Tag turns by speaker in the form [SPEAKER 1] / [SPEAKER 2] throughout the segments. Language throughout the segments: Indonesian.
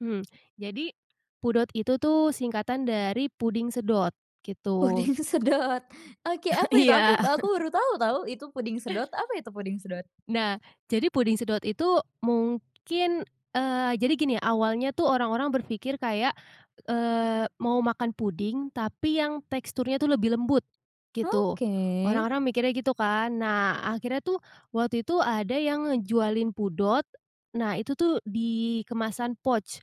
[SPEAKER 1] Hmm. Jadi, pudot itu tuh singkatan dari puding sedot, gitu.
[SPEAKER 2] Puding sedot. Oke, apa itu? Aku
[SPEAKER 1] Iya.
[SPEAKER 2] aku baru tau, tau itu puding sedot, apa itu puding sedot?
[SPEAKER 1] Nah, jadi puding sedot itu mungkin eee, jadi gini, awalnya tuh orang-orang berpikir kayak, eee, mau makan puding tapi yang teksturnya tuh lebih lembut, gitu.
[SPEAKER 2] Oke.
[SPEAKER 1] Orang-orang mikirnya gitu kan. Nah akhirnya tuh waktu itu ada yang ngejualin pudot, nah itu tuh di kemasan pouch,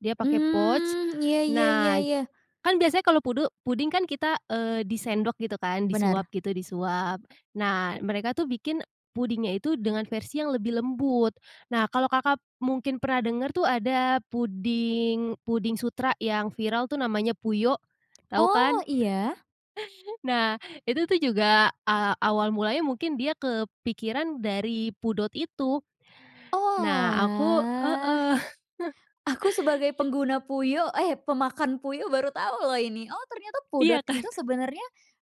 [SPEAKER 1] dia pakai pouch.
[SPEAKER 2] Mmm, iya iya iya
[SPEAKER 1] Nah,
[SPEAKER 2] iya.
[SPEAKER 1] kan biasanya kalau pude puding kan kita, eee, disendok gitu kan
[SPEAKER 2] Benar.
[SPEAKER 1] disuap gitu disuap. Nah mereka tuh bikin pudingnya itu dengan versi yang lebih lembut. Nah kalau Kakak mungkin pernah denger tuh ada puding puding sutra yang viral tuh namanya Puyo, tau
[SPEAKER 2] Oh,
[SPEAKER 1] kan?
[SPEAKER 2] iya.
[SPEAKER 1] Nah, itu tuh juga, eee, awal mulanya mungkin dia kepikiran dari pudot itu. Nah aku
[SPEAKER 2] Oalah.
[SPEAKER 1] heeh.
[SPEAKER 2] Aku sebagai pengguna Puyo, eh pemakan Puyo baru tau loh ini. Oh ternyata
[SPEAKER 1] Iya
[SPEAKER 2] pudot
[SPEAKER 1] kan.
[SPEAKER 2] itu sebenernya,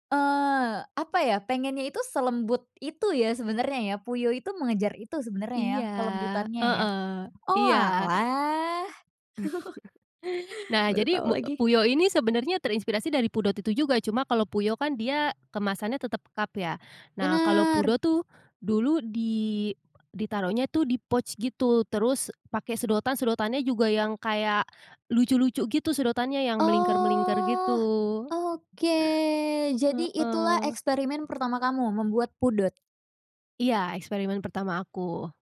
[SPEAKER 2] eee, apa ya, pengennya itu selembut itu ya sebenernya ya, Puyo itu mengejar itu sebenernya ya,
[SPEAKER 1] Iya.
[SPEAKER 2] kelembutannya ya.
[SPEAKER 1] Heeh. Iya.
[SPEAKER 2] Oalah.
[SPEAKER 1] Nah,
[SPEAKER 2] Baru
[SPEAKER 1] jadi
[SPEAKER 2] tahu
[SPEAKER 1] mu
[SPEAKER 2] lagi.
[SPEAKER 1] Puyo ini sebenarnya terinspirasi dari pudot itu juga, cuma kalau Puyo kan dia kemasannya tetap cup ya. Nah, kalau
[SPEAKER 2] Bener.
[SPEAKER 1] pudot tuh dulu di ditaruhnya itu di pouch gitu. Terus pakai sedotan, sedotannya juga yang kayak lucu-lucu gitu sedotannya yang melingkar-melingkar
[SPEAKER 2] Oh.
[SPEAKER 1] gitu.
[SPEAKER 2] Oke. Jadi itulah
[SPEAKER 1] Heeh.
[SPEAKER 2] eksperimen pertama kamu membuat pudot?
[SPEAKER 1] Iya, eksperimen pertama aku.